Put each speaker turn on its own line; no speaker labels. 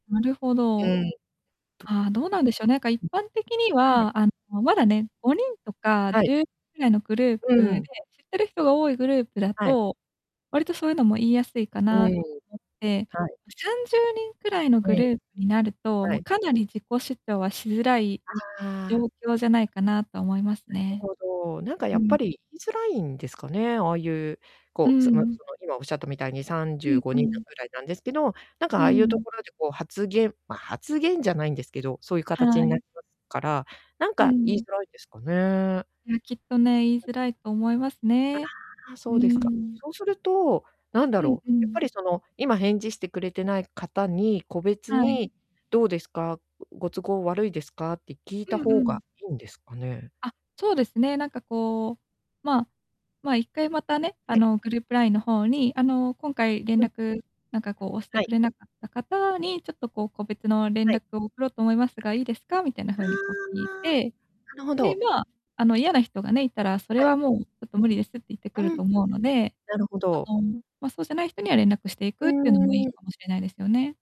なるほど。
うん。とぅ
ああ、どうなんでしょう、なんか一
うん。
般的に
はい。
は、あの、まだね、5人とか
は
じ
い。
ゅうにんぐらいのグルー
う
プで、
ん。
知ってる人が多いグループだ
はい。
と、割とそういうのも言いやすいか
うん、
なと思って。
はい。
あ、30人くらいの
う
グル
ん。
ープになると、
は
もう
い。
かなり自己主張はしづらい
あ
状
あ。
況じゃないかなと思います
なる
ね。
ほど。なんか
う
やっ
ん。
ぱり言いづらいんですかね、ああいう
う
こう、そのそ
ん。
の今仰ったみたいに、さん
う
じゅ
ん
うご
う
にんな
ん。
ぐらいなんですけど、なんか、
う
ああいうと
ん。
ころでこう発言ま、発言じゃないんですけど、そういう形
は
にな
い。
りますから、なん
う
か言い
ん。
づらいんですかね。
いや、きっとね、言いづらいと思いますね。
ああ、
う
そ
ー
うですか。
ん。
そうすると、なんだ
うん
ろ
う
う、やっぱ
ん。
りその、今返事してくれてない方に、個別
はい。
に、「どうですか、うご都合悪いですか」って聞いた
うんう
方が
ん。
いいんですかね？
あ、そうですね、なんかこう、まあまあ、一回またね、
は
あ
い。
の、グループ LINE の方に、あの、「今回連
うん。
絡なんかこう、押して
は
く
い。
れなかった方に、ちょっとこう、個別の連
はい。
絡を送ろうと思いますがいいですか」みたいな
あ
風にこう聞い
あ。
て、
なるほ
で、
ど。
まあ、あの、嫌な人がね、いたら、それ
はい。
はもう「ちょっと無理です」って言ってくる
うん。
と思うので、
なるほ
あ
ど。
の、ま、そうじゃない人には連絡してい
う
くっていうのもい
ー
い
ん。
かもしれないですよね。